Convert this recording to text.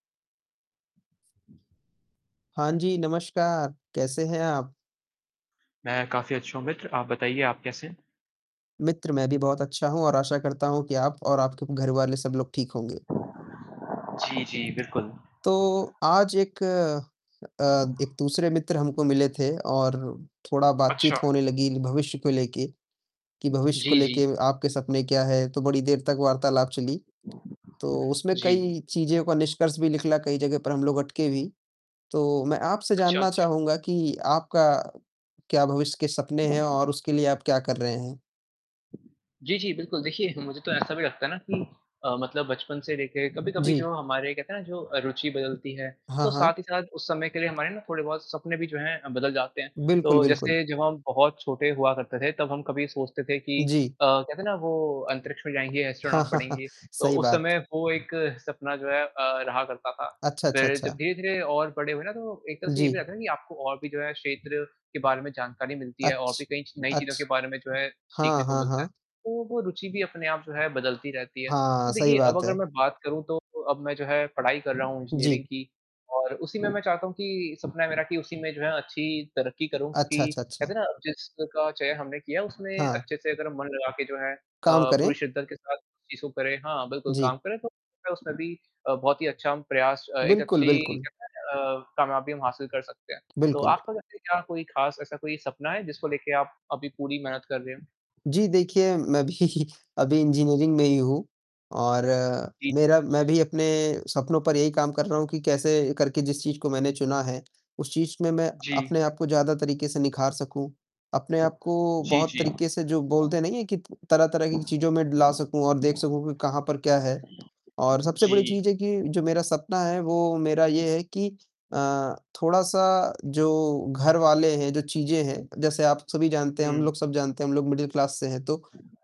हाँ जी, नमस्कार, कैसे हैं आप? मैं काफ़ी अच्छा हूँ मित्र, आप बताइए आप कैसे हैं? मित्र मैं भी बहुत अच्छा हूँ और आशा करता हूँ कि आप और आपके घरवाले सब लोग ठीक होंगे। जी, जी, बिल्कुल। तो आज एक अ, एक दूसरे मित्र हमको मिले थे और थोड़ा अच्छा। बातचीत होने लगी भविष्य को लेके, कि भविष्य को जी, जी। लेके आपके सपने क्या है? तो बड़ी देर तक वार्तालाप चली। तो उसमें जी। कई चीज़ों का निष्कर्ष भी निकला, कई जगह पर हम लोग अटके भी, तो मैं आपसे अच्छा, जानना अच्छा। चाहूँगा कि आपका क्या भविष्य के सपने हैं और उसके लिए आप क्या कर रहे हैं? जी, जी, बिल्कुल, देखिए मुझे तो ऐसा भी लगता है ना कि अ, मतलब बचपन से लेकर कभी-कभी जी। जो हमारे कहते हैं ना जो रुचि बदलती है, हाँ, तो साथ हाँ। ही साथ उस समय के लिए हमारे ना थोड़े-बहुत सपने भी जो हैं अ, बदल जाते हैं। बिल्कुल, तो बिल्कुल। जैसे जब हम बहुत छोटे हुआ करते थे, तब हम कभी सोचते थे कि जी। अ, कहते हैं ना वो अंतरिक्ष में जाएँगे, एस्ट्रोनॉट बनेंगे, तो सही उस बात। समय वो एक सपना जो है अ, रहा करता था। अच्छा, अच्छा, फिर जब अच्छा। धीरे-धीरे और बड़े हुए ना तो एक तरह से ये भी जी। रहता है कि आपको और भी जो है क्षेत्र के बारे में जानकारी मिलती है और अच्छ भी कई च नई चीज़ों के अच्छ बारे में जो है सीखने हाँ, को हाँ, मिलता है। हाँ। तो वो रुचि भी अपने आप जो है बदलती रहती है, हाँ, तो सही देखिए अब बात अगर है। मैं बात करूँ तो अब मैं जो है पढ़ाई कर रहा हूँ इंजीनियरिंग जी। की और उसी में मैं चाहता हूँ कि सपना है मेरा कि उसी में जो है अच्छी तरक्की करूँ, अच्छा, क्योंकि अच्छा, कहते अच्छा। हैं ना जिसका चयन हमने किया है, उसमें हाँ। अच्छे से अगर मन लगा के जो है अ, काम करें। पूरे शिद्दत के साथ चीज़ों को करें हाँ, बिल्कुल काम जी। करें, तो उसमें भी अ, बहुत ही अच्छा प्रयास एक बिल्कुल, अच्छी बिल्कुल। कहते है ना अ, कामयाबी हम हासिल कर सकते हैं, तो बिल्कुल। आपका वैसे क्या कोई ख़ास ऐसा कोई सपना है जिसको लेके आप अभी पूरी मेहनत कर रहे हो? जी देखिए, मैं भी अभी इंजीनियरिंग में ही हूँ और जी, जी। मेरा मैं भी अपने सपनों पर यही काम कर रहा हूँ कि कैसे करके जिस चीज़ को मैंने चुना है, उस चीज़ में मैं जी। अपने आप को ज़्यादा तरीके से निखार सकूँ। अपने आप को जी, बहुत जी। तरीके से जो बोलते नहीं है कि प तरह-तरह की चीज़ों में ला सकूँ और देख सकूँ कि कहाँ पर क्या है और सबसे बड़ी जी। चीज़ है कि जो मेरा सपना है वो मेरा ये है कि अ, थोड़ा-सा जो घरवाले हैं, जो चीज़ें हैं, जैसे आप सभी जानते हैं, हम हुँ। लोग सब जानते हैं, हम लोग मिडिल क्लास से हैं तो